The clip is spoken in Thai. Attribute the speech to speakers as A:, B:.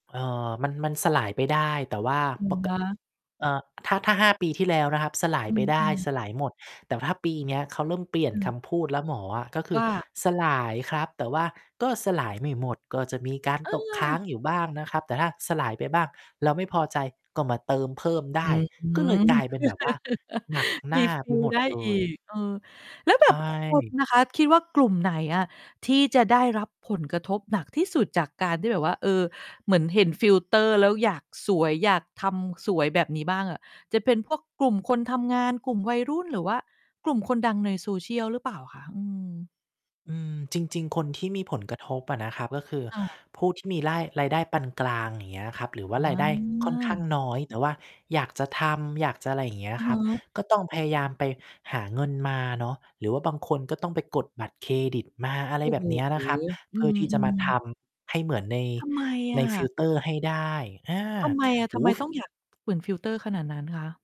A: เอ่อ มัน มันสลายไปได้ แต่ว่า
B: อะ
A: ปก
B: ฮะ
A: เอ่อ ถ้า ถ้า 5 ปีที่แล้วนะครับ สลาย
B: อื
A: ไปได้
B: อ ๆ
A: สลายหมด แต่ถ้าปีเนี้ยเขาเริ่มเปลี่ย
B: อ
A: น
B: ื
A: ค
B: ม
A: ำพูดแล้วหมออะ ก็คื
B: ว
A: อ
B: ่า?
A: "สลายครับ แต่ว่าก็สลาย ไม่หมด ก็จะมีการ
B: เ
A: ตกค้าง
B: ออ
A: อยู่บ้างนะครับ แต่ถ้าสลายไปบ้าง แล้วไม่พอใจก็มาเติมเพิ่มได
B: อื
A: ้" ก็เลย
B: ม
A: กลายเป็นแบบว่าหนักหน้าไป
B: refill
A: หมด
B: ได้
A: เล
B: อี
A: ย
B: ก เออ แล้ว
A: ใ
B: แบ
A: ช
B: บ คุณ
A: ่
B: นะคะ คิดว่ากลุ่มไหนอะที่จะได้รับผลกระทบหนักที่สุดจากการที่แบบว่า เออ เหมือนเห็นฟิลเตอร์แล้วอยากสวย อยากทำสวยแบบนี้บ้างอะ จะเป็นพวกกลุ่มคนทำงาน กลุ่มวัยรุ่น หรือว่ากลุ่มคนดังใน Social หรือเปล่าคะ? อือ
A: อืม จริง ๆ คนที่มีผลกระทบอะนะครับ ก็คือ
B: อา
A: ผู้ที่มีร่าย รายได้ปานกลาง อย่างเงี้ยครับ หรือว
B: อ
A: ่า
B: ๋
A: รายได้ค่อนข้าง
B: อ
A: น้อย แต่ว่าอยากจะทำ อยากจะอะไรอย่างเงี้
B: อ
A: ย
B: ือ
A: ค
B: ฮ
A: รับ
B: ึ
A: ก็ต้องพยายามไปหาเงินมาเนาะ หรือว่าบางคนก็ต้องไปกดบัตรเครดิตมา อะไ
B: โ
A: ร
B: อ้
A: แบ
B: โฮ
A: บเนี้ยนะครับ
B: อ
A: เพ
B: ื
A: ื่อที่จะมา
B: ม
A: ท
B: ๆ
A: ำให้เหมือนใน
B: ทำไมอ
A: ในฟ
B: ะ?
A: ิลเตอร์ให้ได้ อา
B: ทำไมอะ?
A: โ
B: ท
A: อ
B: ำ
A: ้
B: ไ
A: โ
B: ม
A: ฮ ฟ
B: ต้อง อยาก [unintelligible] ฟิลเตอร์ขนาดนั้นคะ?